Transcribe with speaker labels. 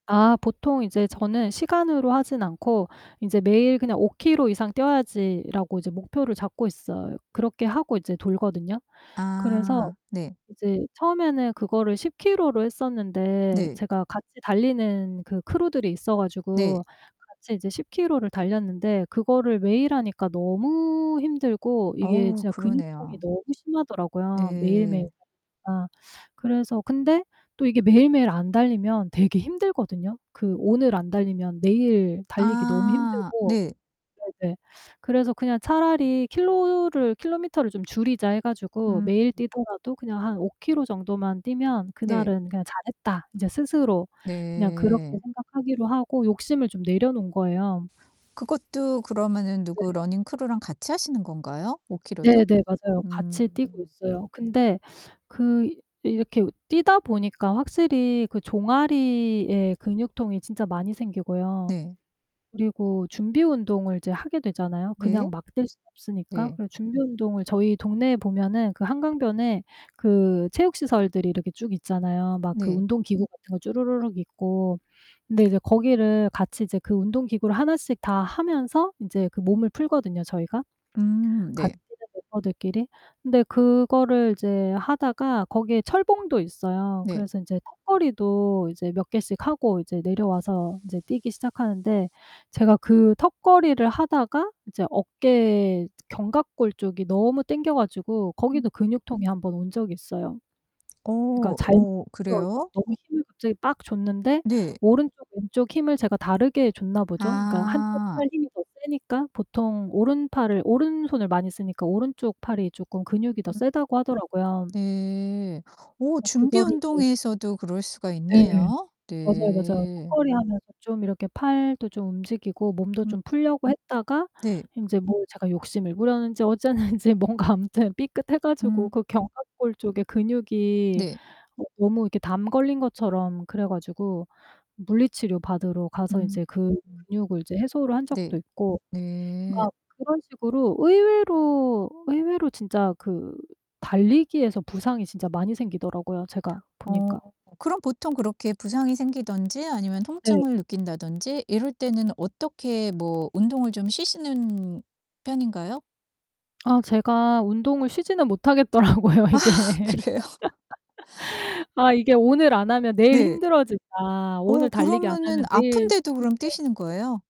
Speaker 1: 아 보통 인제 저는 시간으로 하지는 않고 인제 '매일 그냥 5 키로 이상 뛰어야지.'라고 이제 목표를 잡고 있어요. 그렇게 하고 이제 돌거든요. 그래서
Speaker 2: 아 네.
Speaker 1: 이제 처음에는 그거를 10 키로로 했었는데
Speaker 2: 네.
Speaker 1: 제가 같이 달리는 그 크루들이 있어
Speaker 2: 네.
Speaker 1: 가지고 같이 이제 10 키로를 달렸는데 그거를 매일 하니까 너무 힘들고 이게
Speaker 2: 어우
Speaker 1: 진짜 근육통이
Speaker 2: 그러네요.
Speaker 1: 너무 심하더라고요. 매일매일
Speaker 2: 네.
Speaker 1: [unintelligible] 까. 그래서 근데 또 이게 매일매일 안 달리면 되게 힘들거든요. 그 오늘 안 달리면 내일 달리기 너무
Speaker 2: 아
Speaker 1: 힘들고
Speaker 2: 네.
Speaker 1: 네네. 그래서 그냥 '차라리 킬로를 킬로미터를 좀 줄이자.' 해 가지고
Speaker 2: 음.
Speaker 1: 매일 뛰더라도 그냥 한 5 키로 정도만 뛰면
Speaker 2: 네.
Speaker 1: 그날은 그냥 '잘했다.' 인제 스스로 그냥 그렇게
Speaker 2: 네.
Speaker 1: 생각하기로 하고 욕심을 좀 내려 놓은 거예요.
Speaker 2: 그것도 그러면은 누구
Speaker 1: 네.
Speaker 2: 러닝 크루랑 같이 하시는 건가요 5 키로도?
Speaker 1: 네네 맞아요. 같이 뛰고
Speaker 2: 음.
Speaker 1: 있어요. 근데 그 이 이렇게 뛰다 보니까 확실히 그 종아리에 근육통이 진짜 많이 생기고요.
Speaker 2: 네.
Speaker 1: 그리고 준비 운동을 이제 하게 되잖아요 그냥
Speaker 2: 네.
Speaker 1: 막 뛸 수 없으니까.
Speaker 2: 네.
Speaker 1: 그래 준비 운동을 저희 동네에 보면은 그 한강변에 그 체육시설들이 이렇게 쭉 있잖아요 막 그
Speaker 2: 네.
Speaker 1: 운동기구 같은 거 주르르륵 있고. 근데 이제 거기를 같이 이제 그 운동기구를 하나씩 다 하면서 인제 그 몸을 풀거든요 저희가
Speaker 2: 음
Speaker 1: 같이
Speaker 2: 네.
Speaker 1: 뛰는 멤버들끼리. 근데 그거를 이제 하다가 거기에 철봉도 있어요.
Speaker 2: 네.
Speaker 1: 그래서 이제 턱걸이도 이제 몇 개씩 하고 이제 내려와서 인제 뛰기 시작하는데 제가 그 턱걸이를 하다가 이제 어깨 견갑골 쪽이 너무 땡겨 가지고
Speaker 2: 음.
Speaker 1: 거기도 근육통이 1 온 적이 있어요.
Speaker 2: 어
Speaker 1: 그러니까 잘
Speaker 2: 어
Speaker 1: 껴주
Speaker 2: 그래요?
Speaker 1: 너무
Speaker 2: 어.
Speaker 1: 힘을 갑자기 빡 줬는데
Speaker 2: 네.
Speaker 1: 오른쪽 왼쪽 힘을 제가 다르게 줬나 보죠? 그러니까 1 쪽
Speaker 2: 아.
Speaker 1: 팔 힘이 더 세니까 보통 오른팔을 오른손을 많이 쓰니까 오른쪽 팔이 쪼끔 근육이 더
Speaker 2: 음.
Speaker 1: 세다고 하더라고요.
Speaker 2: 네. 어
Speaker 1: 어 그거를 이제
Speaker 2: 준비운동에서도 그럴 수가
Speaker 1: 네.
Speaker 2: 있네요.
Speaker 1: 맞아요, 맞아요.
Speaker 2: 네.
Speaker 1: 턱걸이하면서 좀 이렇게 팔도 좀 움직이고 몸도
Speaker 2: 음.
Speaker 1: 좀 풀려고 했다가
Speaker 2: 네.
Speaker 1: 인제 뭐 제가 욕심을 부렸는지 어쨌는지 뭔가 아무튼 삐끗해 가지고
Speaker 2: 음.
Speaker 1: 그 견갑골 쪽에 근육이
Speaker 2: 네.
Speaker 1: 어 너무 이렇게 담 걸린 것처럼 그래 가지고 물리치료 받으러 가서
Speaker 2: 음.
Speaker 1: 이제 그 근육을 이제 해소를 한 적도
Speaker 2: 네.
Speaker 1: 있고
Speaker 2: 네.
Speaker 1: 막 그런 식으로 의외로 의외로 진짜 그 달리기에서 부상이 진짜 많이 생기더라고요 제가
Speaker 2: 어.
Speaker 1: 보니까.
Speaker 2: 그럼 보통 그렇게 부상이 생기든지 아니면
Speaker 1: 네.
Speaker 2: 통증을 느낀다든지 이럴 때는 어떻게 뭐 운동을 좀 쉬시는 편인가요?
Speaker 1: 아 제가 운동을 쉬지는 못하겠더라고요
Speaker 2: 아
Speaker 1: 이게.
Speaker 2: 그래요?
Speaker 1: '아 이게 오늘 안 하면 내일
Speaker 2: 네.
Speaker 1: 힘들어진다.
Speaker 2: 어,
Speaker 1: 오늘 달리기 안
Speaker 2: 그러면은
Speaker 1: 하면 내일
Speaker 2: 아픈데도
Speaker 1: 뛸
Speaker 2: 그럼
Speaker 1: 때'
Speaker 2: 뛰시는 거예요?